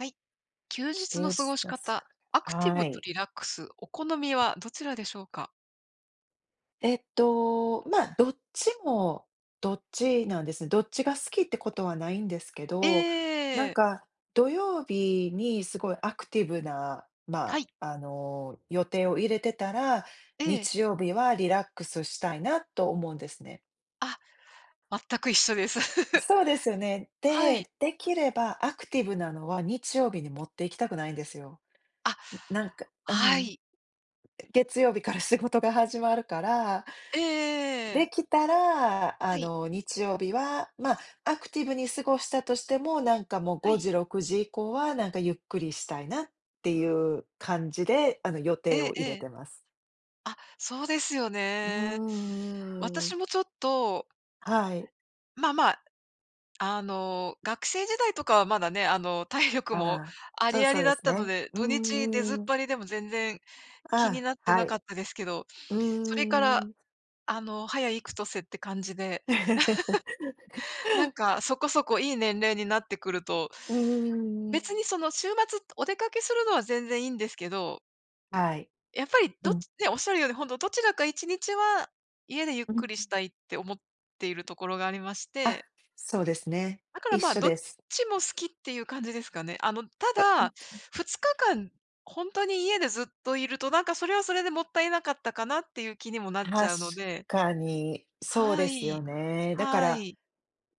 はい。休日休の過ご日しです方、か、アクティはブとい。リラックス、お好みはどちらでしょうか？えっと、ま、どっちも、どっちなんですね。どっちが好きってことはないんですけえど、なんえ。か土曜日にすごいアクティブな、はま、い。あの、予定を入れてたら、ええ。日曜日はリラックスしたいなと思うんですね。あ、全く一緒です。そうですよね。はい。で、できればアクティブなのは日曜日に持って行きたくないんですよ。あ、ななんか、うはん。い。月曜日から仕事が始まるからええええでええ。きたら、あはい。の日曜日は、ま、アクティブに過ごしたとしても、なんかもうはごい。じろくじ以降は、なんかゆっくりしたいなっていう感じで、あの、予え定えをえ入れえ。てます。あ、そうですようーね。んうー私ん。もちょっとはい。まあまあ、あの、学生時代とかはまだね、あの体力もああ、あそうりあそうりでだっすたのね。で、う土日出ずんっうん。ぱりでも全然気にあなっあ、てはなかい。ったですけど、うそれかーら、ん。あの早幾年って感じで なん かそこそこいい年齢になってくると、うー別ん。にその週末お出かけするのは全然いいんですけどはい。やっぱり、うどっん。ちね、おっしゃるように、ほんと、どちらか1日は家でゆっうくりしん。たいって思っているところがありましあ、てそうですね。だから、一まあ、緒どっです。ちも好きっていう感じですかね。あの、たあ、うんだ、うん。2日間ほんとに家でずっといると、なんか、それはそれでもったいなかったかなっていう気にもなっち確ゃうのでかに。そうはですよい。ね。だかはら、い。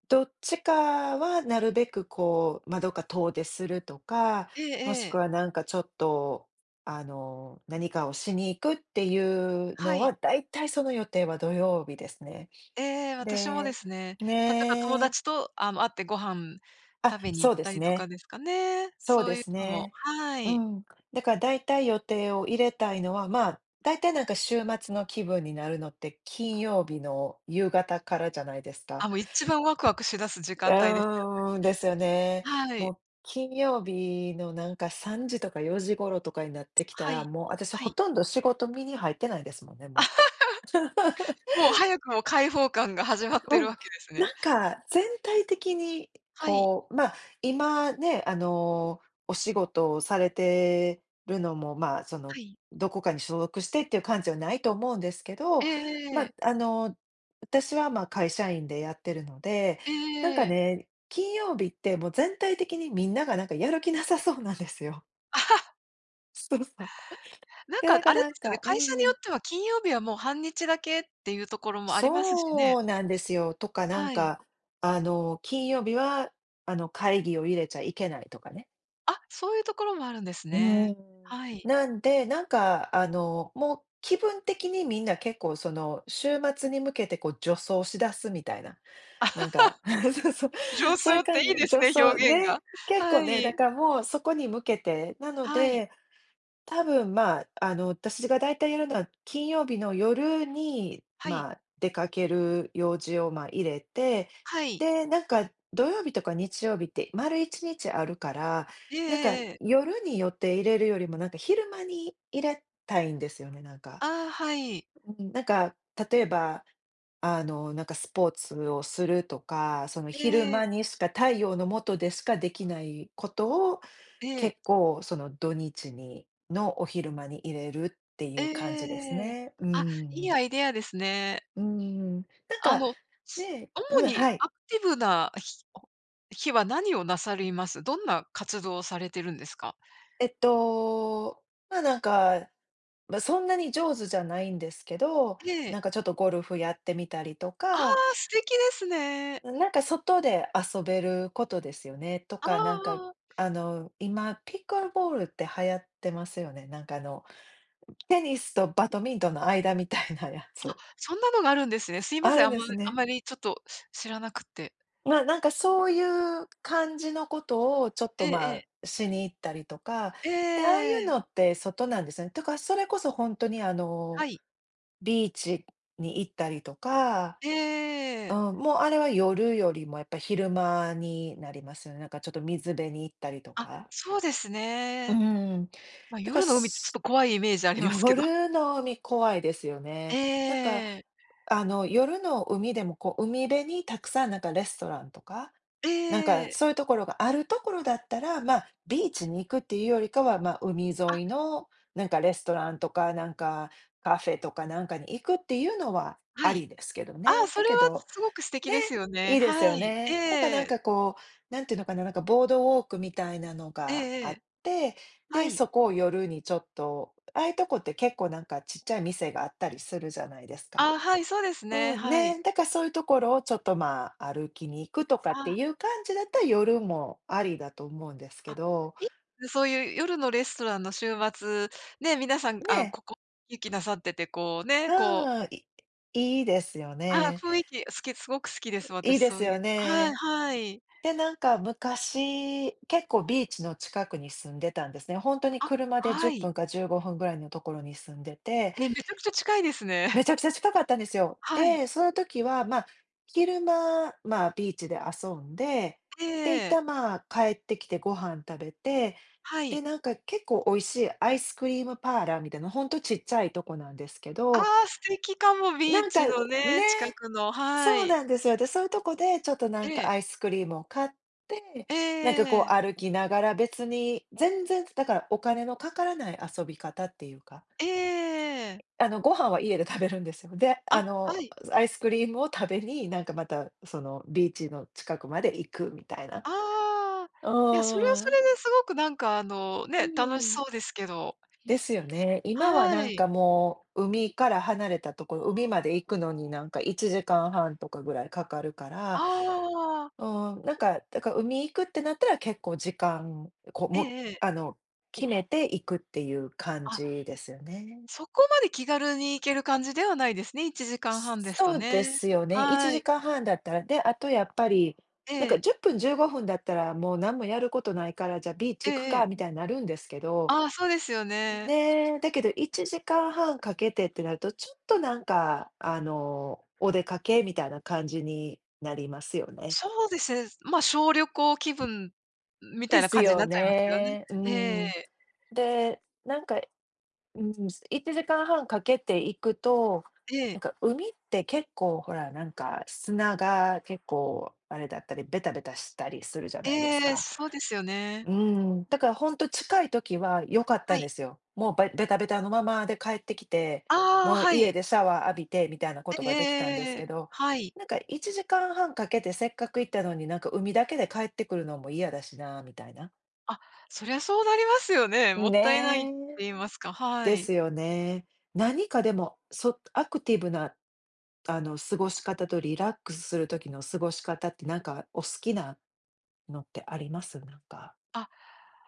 どっちかはなるべくこう、ま、どっか遠出するとか、ええもしくええ。はなんかちょっと、あの、何かをしに行くっていうのはい。は、だいたいその予定は土曜日ですね。ええ、私もでですね、例えば友ね。達と、あの、会ってご飯あ、食べにそ行うっでたすりとかね。ですかね。そうそでういうすのも、ね。はうい。ん。だから、だいたい予定を入れたいのは、まあ、だいたい、なんか、週末の気分になるのって、金曜日の夕方からじゃないですあ、か。もう、一番ワクワクし出す時う間帯ですよーん、ですよね。ね。はもい。う金曜日の、なんか、3時とか4時頃とかになってきたはら、い。もう、私はほい。とんど仕事身に入ってないですもんね、もう。もう、早くも解放感が始まっ てうるん、わけですなんね。か、全体的に、はい。こう、ま、今ね、あの、お仕事をされてるのも、まあ、その、はい。どこかに所属してっていう感じではないと思うんですけえど、ええま、え。あの、私は、ま、会社員でやってるので、なんかええ。ね、金曜日って、もう全体的にみんながなんか、やる気なさそうなんですよ。そうさ。なんで、なかんかあれでなんすよね、かう会ん社にうよっん。ては金曜日はもう半日だけっていうところもありますしね。そうなんですよ。とかなんはい。か、あの、金曜日はあの、会議を入れちゃいけないとかね。あ、そういうところもあるんですうね。ーん。はい。なんで、なんかあの、もう気分的にみんな結構その週末に向けてこう助走し出すみたいな。なんか そうそう。助そ走ゆっかてんじいいですのね、助走、表現が。ね、結構はね、だい。からもうそこに向けて、なのはい。で、多分まあ、あの、私がだいたいやるのは金曜日の夜に、はい。まあ、出かける用事を、ま、入れて、はい。で、なんか土曜日とか日曜日って丸一日あるから、ええなんかええええ。夜に予定入れるよりもなんか昼間に入れたいんですよね、なんか。ああ、はい。うん、なんか例えばあの、なんかスポーツをするとか、その昼え間え。にしか太陽のもとでしかできないことを、ええ。結構その土日にのお昼間に入れるっていええう感えじですえええ。ね、うーあ、いいん。アイデアですね。うーん、なんあかの、ね主うん、にはい。アクティブな日お日は何をなさります？どんな活動をされてるんですか？えっと、ま、なんか、ま、そんなに上手じゃないんですけど、ええ。なんかちょっとゴルフやってみたりとああ、か素敵ですね。うん、なんか外で遊べることですよね、とああか、なんかあああ。あの今ピックルボールって流行ってますよね？なんかあの、テニスとバトミントンの間みたいなやあ、つ。そんなのがあるんですね。すいまあせん、るんあんでますあね。まりちょっと知らなくって。ま、なんかそういう感じのことをちょっと、えええまえ。あ、しに行ったりとか、えで、ああいうえ。のって外なんですね。だからそれこそほんとにあはの、い。ビーチに行ったりとかえええええうえ。ん、もうあれは夜よりもやっぱ昼間になりますよね。なんかちょっと水辺に行ったりとあ、か。そうですうね。ん。ま、だか夜の海ってちょっすと怖いイメージありますけど。夜の海怖いですよね。なんかええ。あの、夜の海でもこう海辺にたくさんなんかレストランとか、なんえかえ。そういうところがあるところだったら、ま、ビーチに行くっていうよりかは、ま、海あ。沿いのなんかレストランとかなんか、カフェとかなんかに行くっていうのははあい。りですけどああ、ね。そだれはけどすすごく素敵ね、ですよね。いいですはよい。えね。だかなんえ。かこう、何ていうのかな、なんかボードウォークみたいなのええがえあっえ。て、はで、い。そこを夜にちょっと、ああいうとこって結構なんかちっちゃい店があったりするじゃないですか。ああ、はい、そうですね。うん、はい。ね。だからそういうところをちょっとまあ、歩きに行くとかっあてあ。いう感じだったら夜もありだと思うんですけあど。いそういう夜のレストランの週末、ね、皆さん、あ、ね。ここ行きなさってて、こうね、うこうん、いいいですよあら、ね。雰囲気、好きすごく好きです。い私いでそすういようはい、ね。はい。で、なんか昔、結構ビーチの近くに住んでたんですね。ほんとにあ、車でじはゅっぷい。んか15分ぐらいのところに住んでてえ、めちゃくちゃ近いですめね。ちゃくちゃ近かったんですよ。はい。で、その時は、ま、昼間、まあ、ビーチで遊んで、えで、一え。旦まあ、帰ってきてご飯食べて、はで、い。なんか結構美味しいアイスクリームパーラーみたいな、ほんとちっちゃいとこなんですけあどあ、素敵かも、ビーなんチかね、のね、近くのはそうい。なんですよ。で、そういうとこでちょっとなんえかえ。アイスクリームを買って、ええなんかこうええ。歩きながら、別に、全然、だからお金のかからない遊び方っていうかええ。あの、ご飯は家で食べるんですよ。で、ああ、の、はい。アイスクリームを食べに、なんかまたそのビーチの近くまで行くみたいな。ああ、いや、それはうそん。れですごくなんかあの、うね、ん楽うしん。そうですけどですよね。今ははなんい。かもう、海から離れたところ、海まで行くのになんか1時間半とかぐらいかかるかあら、あ。うーん、なんか、だから海行くってなったら結構時間こうえもえええ。あの、決めて行くっていう感あ。じですよね。そこまで気軽に行ける感じではないですね、1時間半ですとそうでね。すよね。いちはじい。かんはんだったら。で、あとやっぱりなんえかえ。10分、15分だったら、もうなんもやることないから、じゃあビーえチ行くえかええ。みたいになるんですけど。ああ、そうですよね。ね、だけど1時間半かけてってなると、ちょっとなんかあの、お出かけみたいな感じになりますよね。そうですね。ま、小旅行気分みたいでなす感じによなっちゃいますよね。ね。うえん。え。で、なんかいうん、す1時間半かけていくと、えなんえ。か海って結構ほらなんか、砂が結構あれだったり、ベタベタしたりするじゃないですええ、か。そうですようね。ーん、だからほんと近い時は良かったはんでい。すよ。もう、ばいベタベタのままで帰ってきて、ああ、もうは家い。でシャワー浴びてみたいなことええ、ええがえええできたんでえすえええけえ、ど、はい。なんか1時間半かけてせっかく行ったのに、なんか海だけで帰ってくるのも嫌だしなみたいな。あ、そりゃそうなりますよね、もったいないっねてえ。言いますか、はでい。すよね。何かでも、そアクティブな、あの過ごし方とリラックスする時の過ごし方ってなんかお好きなのってあります？なんか。あ、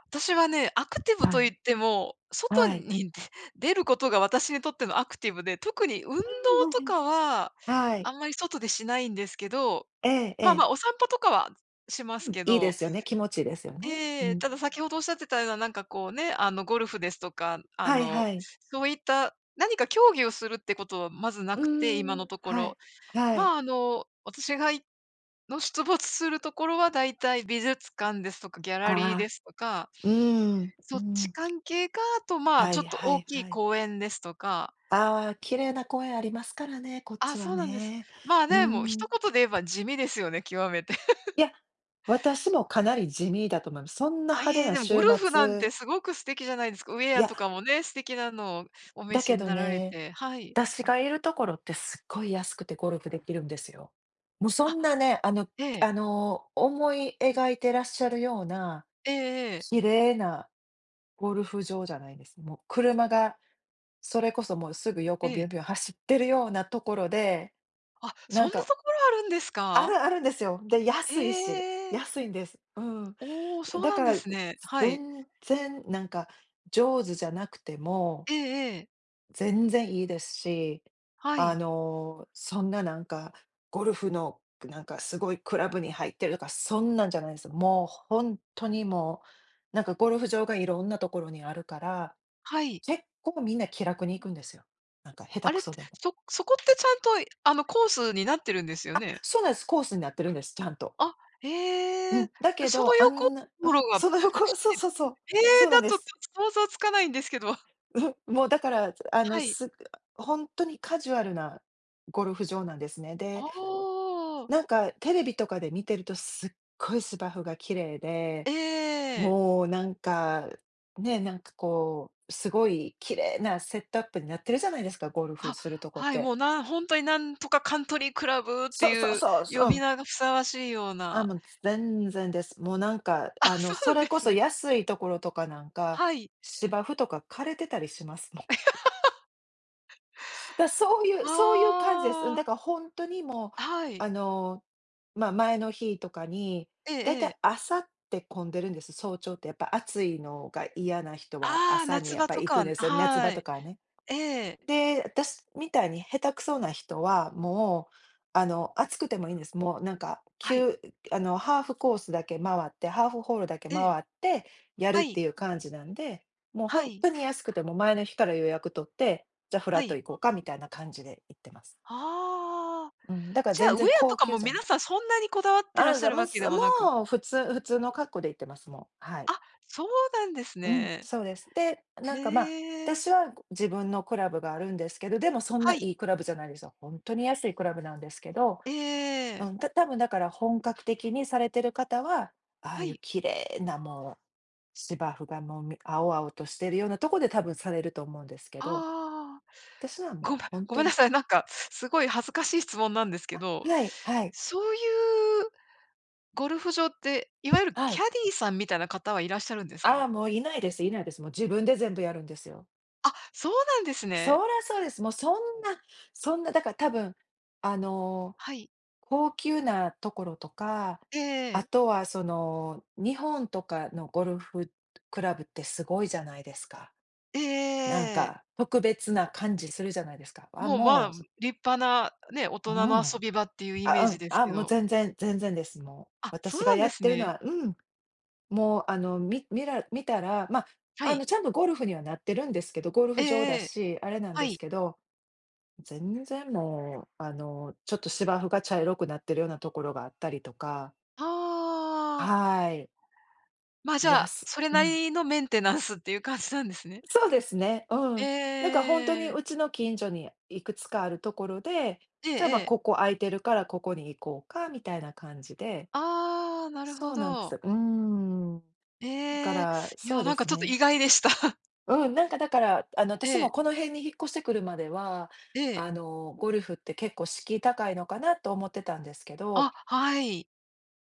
私はねアクティブはとい。言っても、外はい。にで出ることが私にとってのアクティブで、特に運動うんうん-うんとうん。かは、はい。あんまり外でしないんですけど、えまあまえ。あ、お散歩とかはしますうん、けいいでど。すよね、気持ちいですよね。うええ、ん。ただ先ほどおっしゃってたような、なんかこうね、あのゴルフですとか、あはいの、はい。そういった、何か競技をするってことはまずなうくて、今ーのん、とこはろ。い、はい。ま、あの私が行の出没するところは大体美術館ですとか、ギャラリーあであ、すとか、うーん、うそっちん。関係か、あとまあはちょいっとは大いきいはい。公園ですとか。ああ綺麗な公園ありますからね、こっちあ、はそうなんです。ね。まあうーね、もう一ん。言で言えば地味ですよね、極めて。いや、私もかなり地味だと思います。そんなあ、派い手え、なでもゴ週ルフなん末。てすごく素敵じゃないですか。ウェいアや。とかもね、素敵なのをお召だしけにどなられね、て、はい。私がいるところってすっごい安くてゴルフできるんですよ。もうそあ、んなね、あのええ。あの思い描いてらっしゃるような、ええ。綺麗なゴルフ場じゃないんです。もう車がそれこそもうすぐ横ビえュえ。ンビュン走ってるようなところで、あ、そなんんなか。ところあるんですあるか？あるんですよ。で、へ安いし、え。安いんです。うん。お、そうだなんかでらすね。はい。全然なんか上手じゃなくても。ええ。全然いいですし、はあい。の、そんななんか、ゴルフのなんかすごいクラブに入ってるとか、そんなんじゃないんですよ。もう本当にもう、なんかゴルフ場がいろんなところにあるから、はい。結構みんな気楽に行くんですよ。なんか下手あれくって、そでも。そそこってちゃんとあのコースになってるんですよあ、ね？そうなんす。コースになってるんです、ちゃんと。あ、うへえ、ん、だけそのどあ横んな [unintelligible] がそのこ走ろ、っそうて、そうそう、ええ、そうなだんでとちす。ょっと想像つかないんですけど。んふ、もうだからあのはい。す本当にカジュアルなゴルフ場なんですね。で、ああ。なんか、テレビとかで見てるとすっごい芝生が綺麗で、ええ。もうなんか、ね、なんかこう、すごい綺麗なセットアップになってるじゃないですか、ゴルフあ、するとこっはい、て。もうなん本当になんとかカントリークラブってそうそういうそう。そ、呼うびん。名がふさわしいようあ、な。もう全然です。もうなんかあ、あのそうそなんでれこすそね。安いところとかなんか、はい。芝生とか枯れてたりしますもん。だそういうあそういう感じです。あ。だから本当にもう、はい。あの、ま、前の日とかに、えだいたいえ。朝って混んでるんです。早朝ってやっぱ暑いのが嫌な人はああ、朝に夏やっ場ぱとり行くんかは、ですよ、夏は場とい。かはね。ええ。で、私みたいに下手くそな人は、もう、あの暑くてもいいんです。もうなんか、きはい。ゅあのハーフコースだけ回ってハーフホールだけええ。回ってやるはっい。ていう感じなんで、もうは本い。当に安くても前の日から予約取って、じゃフはラットい。行こうかみたいな感じで行ってます。はあ、うん、だからじゃあ、全ウエ然アと高か級もじゃな皆い。さんそんなにこだわってらあっあ、しゃざるわまけす。でももなく。う、普通普通の格好で行ってます、もう。はい。あ、そうなんですうん、ね。そうです。で、なんへか、ま、え。私は自分のクラブがあるんですけど、でもそんなはい。いいクラブじゃないですよ。本当に安いクラブなんですけど、えうえ。ん、たたぶんだから本格的にされてる方は、ああはいうい。綺麗なもう、芝生がもう、み青々としているようなとこで多分されると思うんですけど。あ、私はごめもんう本ごめ当んなに。さい、なんかすごい恥ずかしい質問なんですけあ、ど、はいはい。そういう、ゴルフ場って、いわゆるはキい。ャディーさんみたいな方はいらっしゃるんですか？あ、もういないですいないです。もう自分で全部やるんですよ。あ、そうなんですそね。らそうです。もうそんなそんな、だからたぶん、あの、はい。高級なところとか、えあえ。とはその、日本とかのゴルフクラブってすごいじゃないですか。えなんええ。か、特別な感じするじゃないですか。あ、もうまあ、もう。立派なね、大ううん。人の遊び場っていうイメーあ、うジん、ですあ、けもうど。全然、全然です、もう。あ、そう私がなんやでっすてるのね。は、うん、もうあのみ見ら見たら、ま、はあい。のちゃんとゴルフにはなってるんですけど、ゴルえフ場だえ。し、あれなんはですい。けど。全然もう、あの、ちょっと芝生が茶色くなってるようなところがあったりとか。ああ。はい。ま、じゃやあ、すそれうなん。りのメンテナンスっていう感じなんですね。そうですね。うえん。だから本当えにええ。うちの近所にいくつかあるところで、じゃ、ま、ええ。ここ空いてるからここに行こうかみたいな感じで。ああ、なるそほうなんでど。す。うーん。だかええ、ら、いそや、うでなんかすちょっとね。意外でした。うん、なんかだから、あのえ私え。もこの辺に引っ越してくるまでは、ええ。あの、ゴルフって結構敷居高いのかなと思ってたんですけど。あ、はい。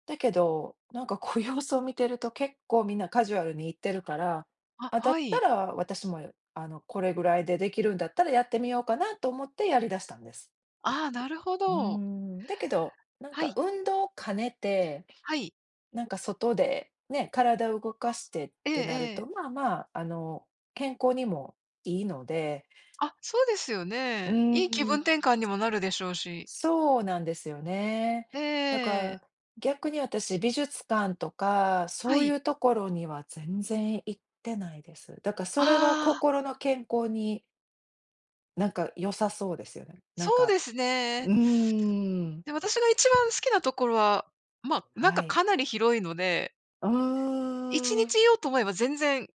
だけど、なんかこう、様子を見てると、結構みんなカジュアルに行ってるから。あ、あ、だはったい。ら私も、あの、これぐらいで出来るんだったら、やってみようかなと思って、やり出したんです。ああ、なるほうーど。ん。だけど、なんはかい。運動を兼ねて、はい。なんか外でね、体を動かしてっええてなるえと、え。まあまあ、あの、健康にもいいので。あ、そうですようね。いい気ー分転換ん。にもなるでしょうし。そうなんですよね。ええだかええ。ら逆に私、美術館とかはそうい。いう所には、全然行ってないです。だからそれは、ああ。心の健康になんか良さそうですよね。なんそうか、ですうね。ーん。で、私が一番好きな所は、まあ、なんはか、い。かなり広いので。ういちーにちん。居ようと思えば、全然、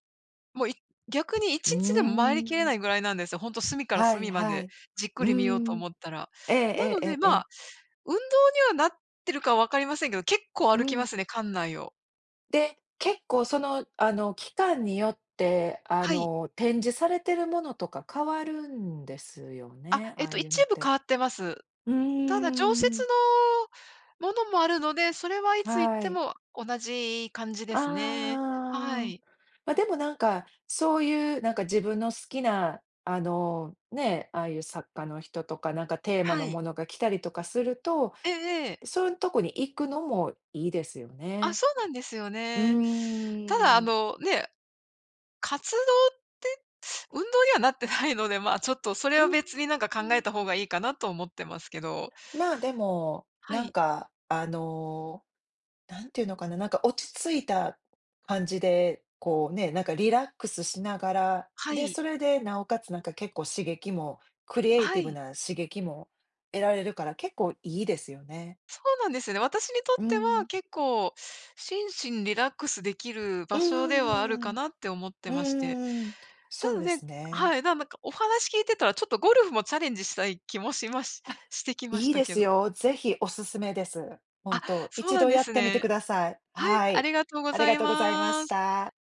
もう、い逆にいうちにちでも、回りー切れないん。ぐらいなんですよ。ほんと隅からはい隅まはでい。じっくうり見ようとん。思ったら。えなえので、えまえ。あ、運動にはなってるか分かりませんけど、結構う歩きまん。すね、館内を。で、結構、そのあの、期間によって、あはい。の、展示されているものとか変わるんですよあ、ね、あえっあと、いうの一っ部変て。わってます。うーただ、常設ん。のものもあるので、それはいつ行っはてい。も同じ感じですね。はああ、い。ま、でもなんか、そういうなんか自分の好きな、あの、ね、ああいう作家の人とかなんかテーマはのい。ものが来たりとかすると、ええ。そういうとこに行くのもいいですよあ、ね。そうなんですようね。ただーあん。のね、活動って、運動にはなってないので、まあちょっと、それうん、うは別になんか考えん。た方がいいかなと思ってますけど。まあ、でも、はなんい。か、あの、なんていうのかな、なんか落ち着いた感じで、こうね、なんかリラックスしながら、はで、い。それでなおかつなんか結構刺激もクリエイはティブい。な刺激も得られるから、結構いいですよね。そうなんですよね。私にとうってはん。結構、心身リラックスできるう場所ではあるんうかんなって思ってうんうん。うまして、んうんうん。そたうのでで、すね。はい、ななんかお話聞いてたらちょっとゴルフもチャレンジしたい気もしましあ、してきましいいたでけすど。よ。ぜひおすすめです。本あ、当、そう一なん度でやっすてみてくね。ださい。はい、はあい。りがとうごありざがいとうございまましす。た。